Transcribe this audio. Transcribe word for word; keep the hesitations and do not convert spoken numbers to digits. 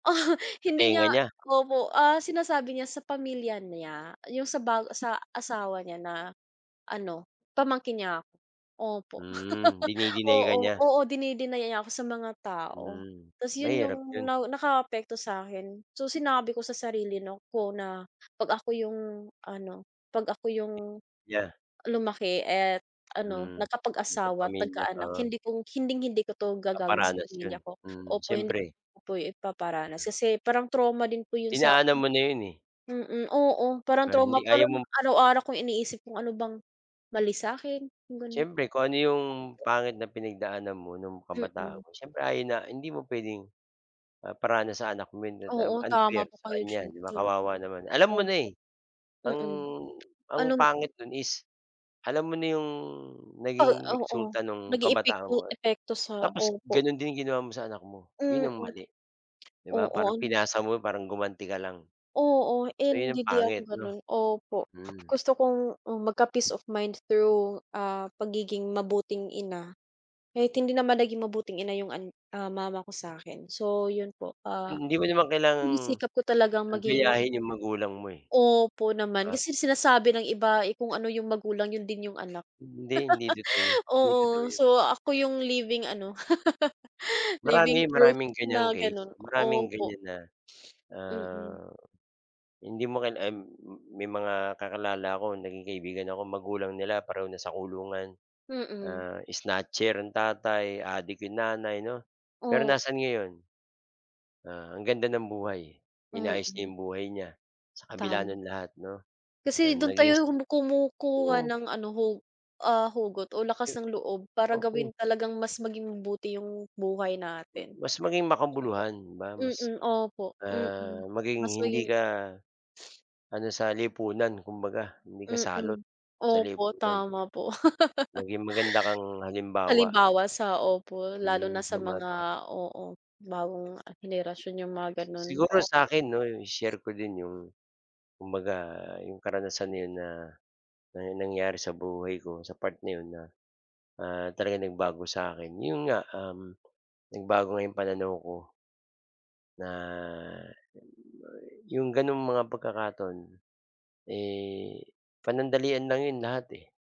Sa Hindi tenga niya niya? opo, ah, sinasabi niya sa pamilya niya, yung sa bago sa asawa niya na ano, pamangkin niya ako opo. Hmm. Dini-deny ka Oo niya. oo deni-deny niya ako sa mga tao. Hmm. Tas, yun Mahirap yung 'yon. nakaapekto sa'kin. So sinabi ko sa sarili 'no ko na pag ako yung ano 'pag ako yung, Nya. lumaki et ano Hmm. nagkapag-asawa't Nagkapamilya, nagka-anak, oo. hindi kong hinding-hindi ko 'to gagawin sa Ipaparanas 'yon. pamilya ko Hmm, opo, hindi siyempre. ko po, ipaparanas. Kasi, parang trauma din po yung sa'kin Dinaanan mo na 'yon, eh. mm. Oo, parang Pero, trauma, hindi ayaw parang mong araw-araw kong iniisip, kung ano bang mali sa'kin, yung ganon. Siyempre kung ano 'yong Opo. pangit na pinagdaanan mo no'ng kabataan Mm. mo, siyempre ayaw na hindi mo puwedeng, ah, 'paranas sa anak mo yun, Oo, [unintelligible] tama unfair po sa kayo kanya diyan. 'di ba, Mm, kawawa naman. Alam mo na, opo. eh, ang, Mm. ang Alam pangit no'n is alam mo na 'yong Uh, naging oo, resulta no'ng naging kabataan ipikto mo. epekto sa Tapos, opo. gano'n din ginawa mo sa anak mo, yun Mm. ang mali 'di ba. Parang Oo n pinasa mo, parang gumanti ka lang. Oo, So yun in ang di di ako pangit 'no ganun. Opo, mm. gusto kong, uh, magka-peace of mind through, ah, pagiging mabuting ina. Kahit hindi naman naging mabuting ina yung an mama ko sa'kin. So yun po, Mm, ah, hindi mo naman kailangang, sinisikap ko talagang maging gayahin yung magulang mo, eh 'di Opo naman, ba. kasi sinasabi ng iba, eh, kung ano yung magulang, yun din yung anak. Hindi, hindi totoo yun, hindi totoo Oo, yun. so ako yung living ano living Marami, proof maraming ganyang na case. ganun Maraming opo. ganyan na, Mm. ah, hindi mo kil uhm, may mga kakilala ako naging kaibigan ako, magulang nila pareho nasa kulungan. Mm. Ah, snatcher ang tatay, adik 'yong nanay 'no. Pero O nasaan ngayon? Ah, ang ganda ng buhay, inayos niya Mm. 'yong buhay niya, sa kabila Tam ng lahat 'no, Kasi ah, dun naging s tayo kumukuha oo ng ano, hu ah, hugot o lakas Yu ng loob para Okey. gawin talagang mas maging mabuti yung buhay natin Mas maging opo. makabuluhan di ba, mas, Mm, opo. Mm, ah, maging mas hindi maging ka, ano sa lipunan kumbaga hindi ka salot Mm. sa Opo, lipunan. tama po. Maging maganda kang halimbawa. Halimbawa sa opo lalo Mm, na sa sa mga bata. oo, bagong, ah, henerasyon yung mga Si ganun. siguro sa Opo. akin 'no, 'yong i-share ko din 'yong, kumbaga 'yong karanasan na 'yon na nangyari sa buhay ko sa part na 'yon na, ah, talagang nagbago sa 'kin 'yon nga, uhm, nagbago nga 'yong pananaw ko na, yung may 'yong gano'ng mga pagkakataon, eh, panandalian lang 'yon lahat, eh.